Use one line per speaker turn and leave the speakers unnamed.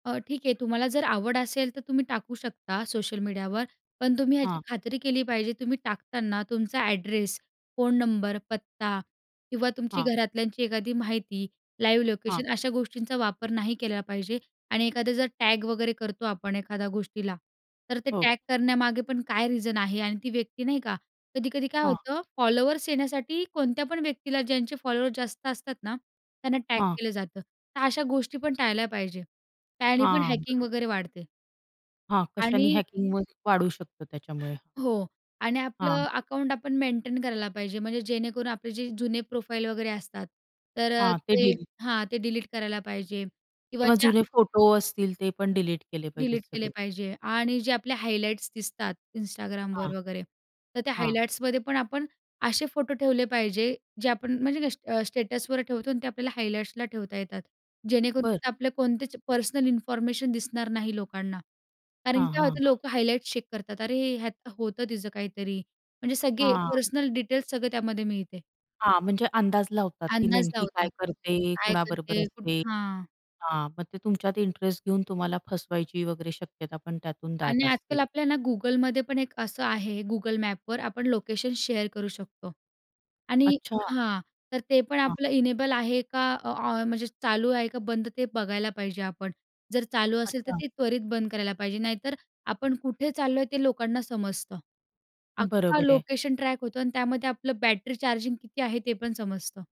अ, ठीक आहे, तुम्हाला जर आवड असेल तर तुम्ही टाकू शकता सोशल मीडियावर. पण तुम्ही याची
हां.
खात्री केली पाहिजे, तुम्ही टाकताना तुमचा ॲड्रेस, फोन नंबर, पत्ता किंवा तुमची
हां.
घरातल्यांची एखादी माहिती, लाईव्ह
हां.
लोकेशन अशा गोष्टींचा वापर नाही केला पाहिजे. आणि एखादा जर टॅग वगैरे करतो आपण एखाद्या गोष्टीला, तर ते
हो.
टॅग करण्यामागे पण काय रिझन आहे आणि ती व्यक्ती नाही का? कधी-कधी काय
हां.
होतं, फॉलोअर्स येण्यासाठी कोणत्या पण व्यक्तीला, ज्यांचे फॉलोअर्स जास्त असतात ना त्यांना टॅग
हां.
केलं जातं. तर अशा गोष्टी पण टाळल्या पाहिजे. त्याने पण
हां,
हॅकिंग
बरोबर.
वगैरे वाढते.
हां, कशाने
आणि
हॅकिंग व वाढू शकतं त्याच्यामुळे.
हो. आणि
हां.
आपलं
हां.
अकाउंट आपण मेंटेन करायला पाहिजे म्हणजे जेणेकरून आपले जे जुने प्रोफाइल वगैरे असतात, तर अ,
हां, ते
ते
डील
हां, ते डिलीट करायला पाहिजे किंवा
किंवा
ज्या
जुने फोटो असतील ते पण डिलीट केले पाहिजेत
डिलीट केले
सगळे.
पाहिजे आणि जे आपले हायलाइट्स दिसतात Instagramवर
हां.
वगैरे, तर त्या
हां.
हायलाइट्समध्ये पण आपण असे फोटो ठेवले पाहिजे, जे आपण म्हणजे अ, स्टेटसवर ठेवतो आणि ते आपल्याला हायलाइट्सला ठेवता येतात, जेणेकरून
बरं.
तिथे आपली कोणतीच पर्सनल इन्फॉर्मेशन दिसणार नाही लोकांना कारण की
हां,
काय
हां,
होतं,
हां.
लोकं हायलाइट्स चेक करतात, अरे ह्यात होतं तिचं काहीतरी, म्हणजे सगळे
हां.
पर्सनल डिटेल्स सगळे त्यामध्ये मिळते.
हां, म्हणजे अंदाज लावतात ती
अंदाज
नेमकी काय
लावतात.
करते?
काय
कोणाबरोबर
करते?
असते?
कुठं हां.
हां. मग ते तुमच्यात इंटरेस्ट घेऊन तुम्हाला फसवायची वगैरे शक्यता पण त्यातून दाट
आणि
असते.
आजकाल आपल्या ना Googleमध्ये पण एक असं आहे, Google Mapsवर आपण लोकेशन शेअर करू शकतो. आणि
अच्छा.
हां, तर ते पण
हां.
आपलं इनेबल आहे का, ऑ म्हणजे चालू आहे का बंद ते बघायला पाहिजे आपण. जर चालू असेल तर
अच्छा.
ते त्वरित बंद करायला पाहिजे, नाहीतर आपण कुठे चाललोय ते लोकांना समजतं, अख्खं
बरोबर आहे.
लोकेशन ट्रॅक होतं आणि त्यामध्ये आपलं बॅटरी चार्जिंग किती आहे, ते पण समजतं.